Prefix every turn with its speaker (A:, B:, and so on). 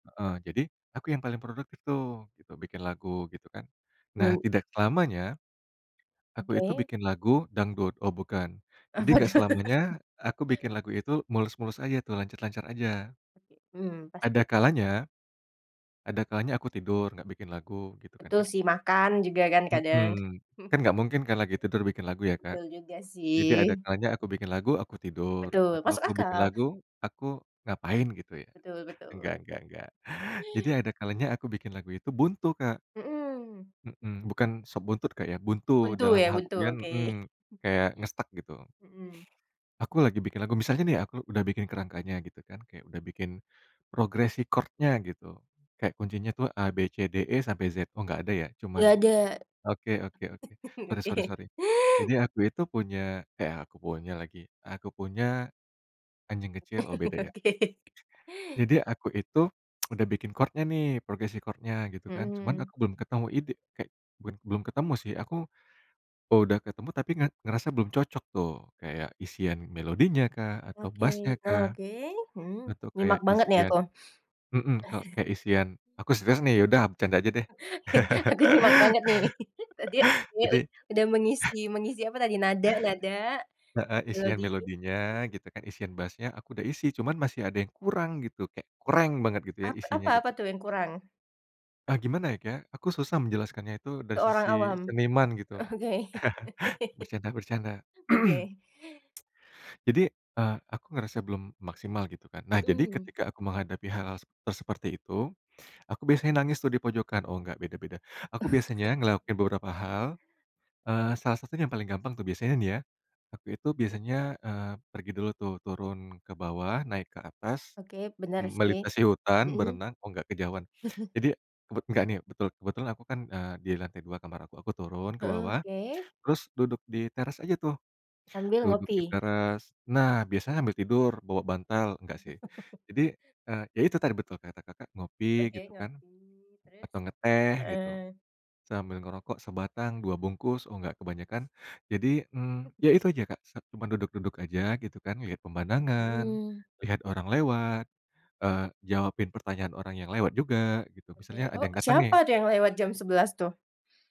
A: Heeh, jadi aku yang paling produktif tuh bikin lagu gitu kan, nah
B: Men
A: tidak lamanya aku itu
B: Oke.
A: bikin lagu dangdut oh bukan jadi
B: Apa
A: enggak
B: tuh?
A: selamanya aku bikin lagu itu mulus-mulus aja tuh lancar-lancar aja.
B: Oke. Mmm, pasti.
A: Ada kalanya, ada kalanya aku tidur, gak bikin lagu gitu kan,
B: Betul
A: Kak.
B: sih, makan juga kan kadang.
A: Hmm, kan gak mungkin kan lagi tidur bikin lagu ya, Kak.
B: Betul juga
A: Jadi ada
B: sih.
A: kalanya aku bikin lagu, aku tidur,
B: Betul,
A: atau
B: masuk
A: aku bikin
B: akal.
A: lagu, aku ngapain gitu ya.
B: Betul
A: Enggak
B: betul.
A: enggak enggak, jadi ada kalanya aku bikin lagu itu buntu, Kak.
B: Hmm.
A: Mhm, bukan sop buntut Kak ya, buntu
B: Buntu
A: dalam
B: ya, buntu?
A: artian
B: Oke.
A: hmm kayak nge-stuck gitu.
B: Hmm.
A: Aku lagi bikin lagu misalnya nih aku udah bikin kerangkanya gitu kan, kayak udah bikin progres record-nya gitu, kayak kuncinya tuh A, B, C, D, E, sampai Z, oh gak ada ya, cuman
B: Nggak ada.
A: oke oke oke, sorry sorry
B: Oke.
A: sorry. Jadi aku itu punya eh aku punya lagi, aku punya, anjing kecil oh beda ya.
B: Oke.
A: Jadi aku itu udah bikin chordnya nih, progresi record-nya gitu kan, cuman
B: Hmm.
A: aku belum ketemu ide eee, bukan belum ketemu sih aku udah ketemu tapi nga ngerasa belum cocok tuh, kayak isian melodinya kah, atau
B: Oke
A: bass-nya kah,
B: oke hmm
A: atau
B: nyimak
A: kayak
B: banget nih
A: isian
B: aku.
A: mhm, kayak isian aku serius nih, ya udah bercanda aja deh.
B: Aku nyimak banget nih, nah dia dia
A: Jadi
B: ud udah mengisi mengisi apa tadi? Nada nada?
A: Heeh, isian
B: Melodi?
A: melodinya
B: [unintelligible]
A: gitu kan, isian bassnya aku udah isi cuman masih ada yang kurang gitu, kayak kureng banget gitu ya
B: Apa
A: isinya
B: apa
A: gitu.
B: apa tuh yang kurang?
A: Ah, gimana ya Kak, aku susah menjelaskannya itu dari
B: Seorang
A: sisi
B: awam?
A: seniman gitu.
B: Oke oke.
A: Bercanda bercanda.
B: Oke.
A: Jadi, eee, aku ngerasa belum maksimal gitu kan. Nah jadi
B: Hmm.
A: ketika aku menghadapi hal-hal te seperti itu, aku biasanya nangis tuh dipojokan, oh nggak beda-beda. Aku biasanya ngelakuin beberapa hal, eee, salah satu yang paling gampang tuh biasanya nih ya, aku itu biasanya, eee, pergi dulu tuh, turun ke bawah, naik ke atas,
B: Oke, bener sih,
A: melintasi hutan,
B: hmm.
A: berenang oh nggak kejauhan. Jadi bet nggak nih, betul kebetulan aku kan, eee, di lantai 2 kamar aku, aku turun ke
B: Heeh,
A: bawah,
B: oke.
A: terus duduk di teras aja tuh,
B: Sambil
A: duduk di
B: ngopi?
A: teras. Nah biasa ambil tidur bawa bantal, enggak sih, jadi, eee, ya itu tadi betul kata Kakak, ngopi
B: Oke
A: gitu kan,
B: ngopi, terus?
A: atau ngeteh gitu,
B: Heeh.
A: sambil ngerokok sebatang, 2 bungkus oh enggak kebanyakan, jadi, mmm, ya itu aja Kak, sat cuman duduk-duduk aja gitu kan, lihat pemandangan,
B: Hmm.
A: lihat orang lewat, eee, jawabin pertanyaan orang yang lewat juga, gitu, misalnya
B: Mmm.
A: ada
B: Oh,
A: yang datang nih.
B: siapa tuh yang lewat jam 11.00 tuh?